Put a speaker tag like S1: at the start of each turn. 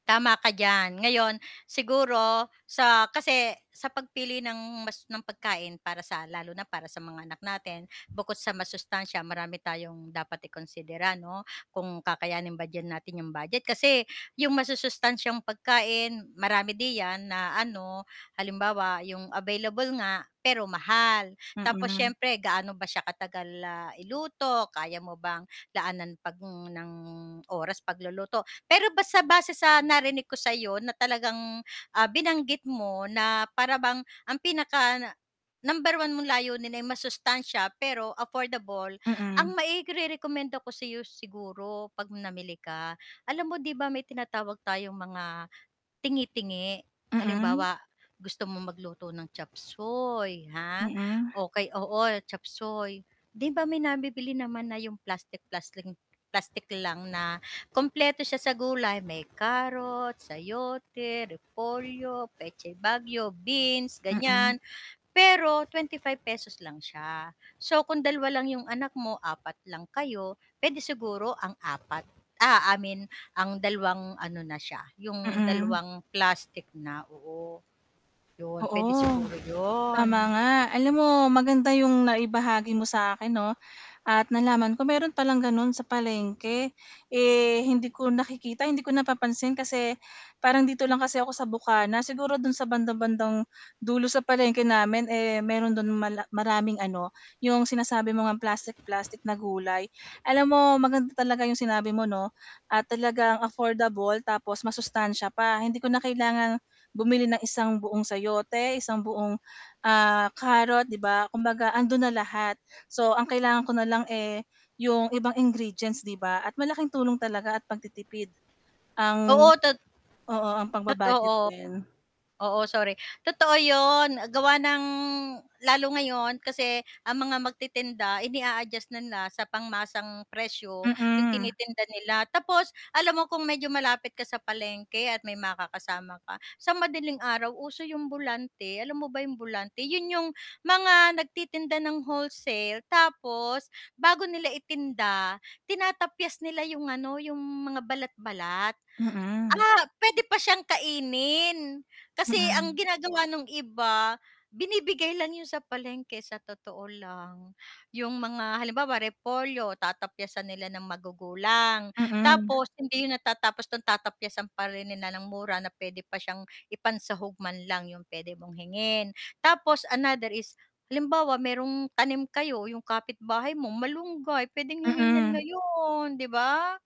S1: Tama ka diyan. Ngayon siguro sa kasi sa pagpili ng mas ng pagkain para sa lalo na para sa mga anak natin, bukod sa masustansya, marami tayong dapat i-konsidera 'no, kung kakayanin ba d'yan natin 'yong budget. Kasi, yung masusustansyang pagkain marami diyan na ano, halimbawa yung available nga pero mahal, tapos
S2: Mm.
S1: siyempre gaano ba siya ka-tagal na iluto, kaya mo bang laanan pag ng oras pagluluto. Pero basta base sa narinig ko sa 'yo na talagang, ah, binanggit mo na para bang ang pinaka-number 1 mong layunin ay masustansiya pero affordable. Ang
S2: Mm.
S1: mairere-komenda ko sa 'yo siguro 'pag namili ka, alam mo 'di ba, may tinatawag tayong mga tingi-tingi.
S2: Mm.
S1: Halimbawa, gusto mong magluto ng chopsuey, ha,
S2: Mm.
S1: okey, oo chopsuey, 'di ba, may nabibili naman na 'yong plastic plastic plastic lang na kumpleto siya sa gulay, may carrot, sayote, repolyo, petchay baguio, beans,
S2: Mm.
S1: gan'yan. Pero ₱25 lang siya, so, kung 2 lang yung anak mo, 4 lang kayo pwede siguro ang 4, ah, I mean ang 2 ano na siya, yung
S2: Mm.
S1: dalawang plastic na, oo. 'Yon p'wede,
S2: Oo,
S1: siguro
S2: tama
S1: 'yon.
S2: nga alam mo maganda yung naibahagi mo sa akin 'no at nalaman ko meron palang gano'n sa palengke. Eh, hindi ko nakikita, hindi ko napapansin kasi parang dito lang kasi ako sa bukana, siguro dun sa bandang-bandang dulo sa palengke namin, eh, meron dun mala maraming ano, yung sinasabi mo ngang plastik plastik na gulay. Alam mo maganda talaga yung sinabi mo, 'no at talagang affordable tapos masustansiya pa, hindi ko na kailangang bumili ng isang buong sayote, isang buong, ah, carrot, 'di ba? Kumbaga andun na lahat, so, ang kailangan ko nalang, eh, yung ibang ingredients, 'di ba, at malaking tulong talaga at pagtitipid. Ang
S1: Oo, tot
S2: oo ang
S1: Tot
S2: pagba-budget
S1: oo.
S2: din.
S1: Oo, sorry. Totoo yun, gawa ng lalo, ngayon kasi ang mga magtitinda ini-a-adjust na nila sa pangmasang presyo yung
S2: Mm.
S1: tini-tinda nila. Tapos alam mo kung medyo malapit ka sa palengke at may makakasama ka sa madaling araw, uso yung alam mo ba yung bulante? Yun, yung mga nagti-tinda ng wholesale tapos bago nila itinda tinatapyas nila yung ano, yung mga balat-balat.
S2: Mm.
S1: Ah, pwede pa siyang kainin, kasi ang
S2: Mm.
S1: ginagawa nung iba binibigay lang 'yon sa palengke, sa totoo lang, yung mga halimbawa, repolyo tatapyasan nila ng magugulang
S2: Mm.
S1: tapos hindi yun natatapos dun, tatapyasan pa rin nila ng mura na p'wede pa siyang ipan-sahog man lang, yung pwede mong hingin. Tapos, another is, halimbawa may tanim kayo yung kapitbahay mo, malunggay, pwedeng hingin 'yan
S2: Mm.
S1: ngayon, 'di ba?